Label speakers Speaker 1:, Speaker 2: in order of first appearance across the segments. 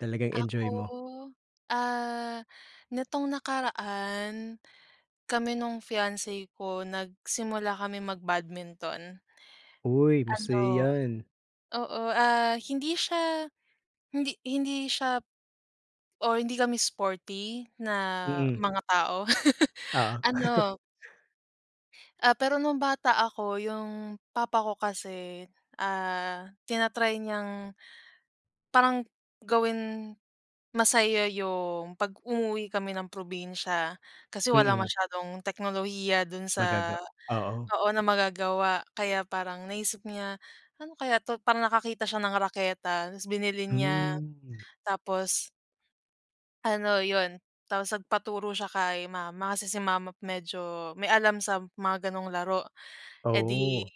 Speaker 1: Talagang
Speaker 2: Ako,
Speaker 1: enjoy mo.
Speaker 2: ah, nitong nakaraan kami nung fiance ko nagsimula kami mag-badminton.
Speaker 1: Uy, masaya
Speaker 2: Ano
Speaker 1: 'yan.
Speaker 2: oo, ah, hindi siya hindi hindi siya or hindi kami sporty na
Speaker 1: Mm.
Speaker 2: mga tao
Speaker 1: Oo.
Speaker 2: ano Ah, pero no'ng bata ako yung papa ko kasi, ah, tinatry niyang parang gawin masaya yung pag-umuwi kami ng probinsya kasi walang
Speaker 1: Mm.
Speaker 2: masyadong teknolohiya do'n sa
Speaker 1: Magaga oo.
Speaker 2: oo na magagawa kaya parang naisip niya ano kaya 'to, parang nakakita siya ng raketa tapos binili niya
Speaker 1: Hmm.
Speaker 2: tapos Ano 'yon tapos nagpaturo siya kay mama, kasi si mama medyo may alam sa mga gano'ng laro, eh, di
Speaker 1: Oh.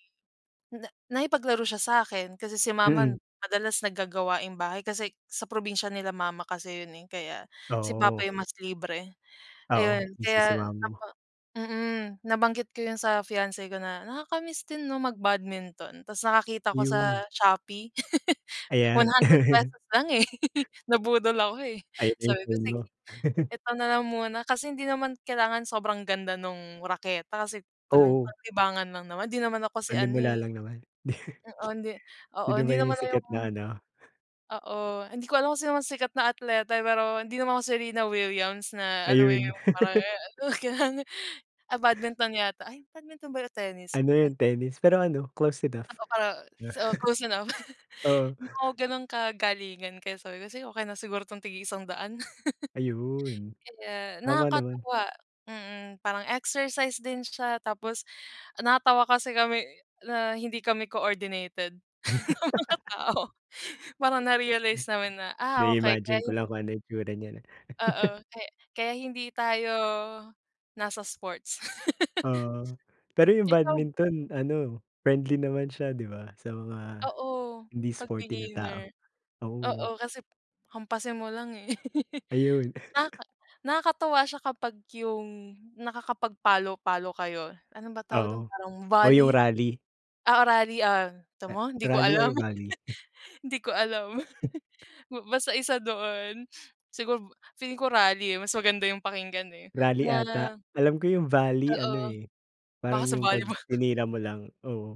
Speaker 2: na nakipaglaro siya sa akin kasi si mama
Speaker 1: Mm.
Speaker 2: madalas nag gagawaing bahay kasi sa probinsya nila mama kasi 'yon, eh, kaya si papa
Speaker 1: Oo.
Speaker 2: yung mas libre ayun
Speaker 1: Oo, busy si
Speaker 2: kaya
Speaker 1: mama mo.
Speaker 2: opo. Mm, nabanggit ko yung sa fiance ko na nakaka-miss din 'no mag-badminton tapos nakakita ko sa
Speaker 1: Yun.
Speaker 2: Shopee one
Speaker 1: Ayan.
Speaker 2: hundred pesos lang, eh, nabudol ako, eh.
Speaker 1: Ayan na yung
Speaker 2: Sabi ko,
Speaker 1: premyo.
Speaker 2: "Sige eto na lang muna," kasi hindi naman kailangan sobrang ganda nung raketa kasi pan
Speaker 1: Oo.
Speaker 2: panlibangan lang naman 'di naman ako si ano,
Speaker 1: Panimula
Speaker 2: eh.
Speaker 1: lang naman.
Speaker 2: Oo hindi, oo
Speaker 1: Sino ba
Speaker 2: hindi
Speaker 1: yung
Speaker 2: naman
Speaker 1: sikat
Speaker 2: yung
Speaker 1: na ano?
Speaker 2: Oo, hindi ko alam kung sino mas sikat na atleta, eh, pero hindi naman ako Serena Williams na alam mo
Speaker 1: Ayun.
Speaker 2: yung parang [unintelligible] ah, badminton yata, ay badminton ba yun o tennis?
Speaker 1: Ano yun tennis pero ano close enough.
Speaker 2: [unintelligible] so close enough
Speaker 1: Oo.
Speaker 2: di naman ako kagalingan kaya sabi ko, "Sige okey na siguro 'tong tig-iisang daan."
Speaker 1: Ayun,
Speaker 2: Kaya
Speaker 1: tama naman.
Speaker 2: nakakatuwa mm, parang exercise din siya tapos natawa kasi kami na hindi kami coordinated na mga tao parang na-realize namin na, ah, okey
Speaker 1: Na-imagine
Speaker 2: kaya
Speaker 1: ko
Speaker 2: 'yon.
Speaker 1: lang kung ano itsura niyan.
Speaker 2: Oo, kay kaya hindi tayo nasa sports.
Speaker 1: Oo, pero yung
Speaker 2: Ikaw ba?
Speaker 1: badminton ano, friendly naman siya di ba sa mga
Speaker 2: Oo,
Speaker 1: hindi
Speaker 2: 'pag
Speaker 1: sporty na tao.
Speaker 2: beginner,
Speaker 1: Oo.
Speaker 2: oo kasi hampasin mo lang, eh.
Speaker 1: Ayun.
Speaker 2: Naka nakakatuwa siya kapag yung nakakapag palo-palo kayo, ano ba tawag dun
Speaker 1: Oo,
Speaker 2: parang
Speaker 1: o yung
Speaker 2: volley,
Speaker 1: rally.
Speaker 2: ah, rally, ah, kita mo hindi ko
Speaker 1: Rally
Speaker 2: alam,
Speaker 1: or volley?
Speaker 2: hindi ko alam. Ba basta isa doon siguro feeling ko rally, eh, mas maganda yung pakinggan eh
Speaker 1: Rally 'ata,
Speaker 2: na
Speaker 1: alam ko yung volley ano,
Speaker 2: Oo,
Speaker 1: eh,
Speaker 2: baka
Speaker 1: parang
Speaker 2: sa
Speaker 1: yung 'pag
Speaker 2: volleyball.
Speaker 1: tinira mo lang, oo.